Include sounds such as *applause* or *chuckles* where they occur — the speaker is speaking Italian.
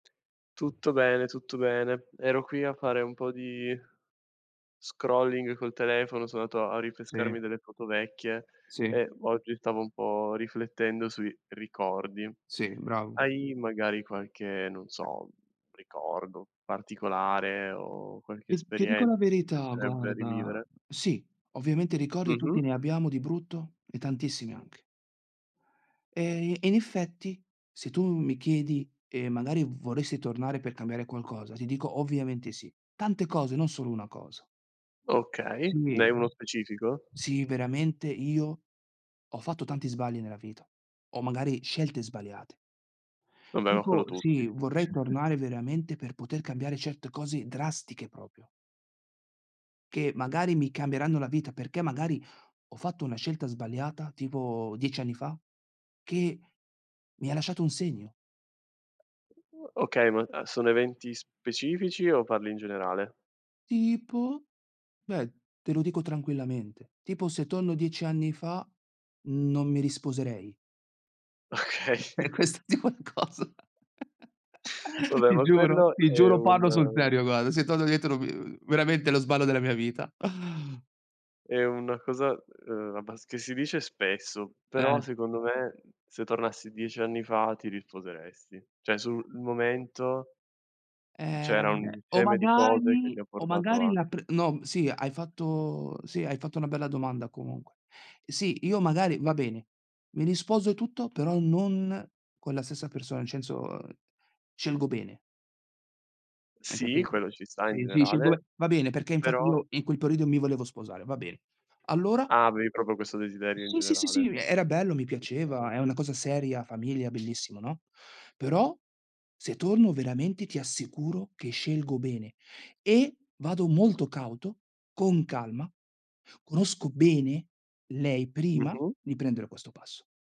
Tutto bene, tutto bene. Ero qui a fare un po' di scrolling col telefono, so' andato a a Sì. rinfrescarmi delle foto vecchie, Sì. e v oggi, stavo un po' riflettendo sui ricordi. Sì, bravo. Hai magari qualche, non so, ricordo particolare, o qualche Ti ti dico la esperienza, che ti verità, piacerebbe guarda, rivivere? sì, ovviamente ricordi tutti Mh-mh. ne abbiamo, di brutto e tantissimi anche. E e in effetti, se tu mi chiedi, e magari v vorresti tornare per cambiare qualcosa, ti dico: "Ovviamente sì". Tante cose, non solo 1 cosa. Okay, ne Sì. hai 1 specifico? Sì, veramente io, ho fatto tanti sbagli nella vita, o magari scelte sbagliate. Vabbè, ma quello Tipo, tutti. sì, vorrei *chuckles* tornare veramente per poter cambiare certe cose drastiche, proprio. Che, magari mi cambieranno la vita perché, magari, ho fatto 1 scelta sbagliata, tipo 10 anni fa, che, mi ha lasciato un segno. Okay, ma a sono eventi specifici, o parli in generale? "Tipo?" Beh, te lo dico tranquillamente. Tipo, se tonno 10 anni fa, non mi risposerei. Okay. Per questo di' qualcosa! *chuckles* Vabbè, Ti ma giuro, quello ti è giuro, parlo sul un serio guarda, se torno indietro vi *unintelligible* veramente, lo sballo della mia vita. *sighs* è una cosa ehm, abbas che si dice spesso, però Eh. secondo me, se tornassi 10 anni fa, ti risposeresti, cioè, sul momento, m c'era Ehm, un o insieme di cose, che ti magari ha o portato magari a la pr no, m sì, hai fatto sì, hai fatto una bella domanda comunque. Sì, io magari va bene, mi risposo e tutto, però non con la stessa persona, incenso, scelgo bene. Hai Sì, capito? quello ci sta in Sì, sì scelgo be generale, va bene, perché infatti però io in quel periodo mi volevo sposare, va bene Allora? Ah, avevi proprio questo desiderio in Sì, sì, sì, sì, generale. uhm, era bello, mi Okay. piaceva, è una cosa seria, famiglia, bellissima, no? Però, se tonno veramente, ti assicuro che scelgo bene. E, vado molto cauto, con calma, conosco bene lei, prima, Mh-mh. di prendere questo passo.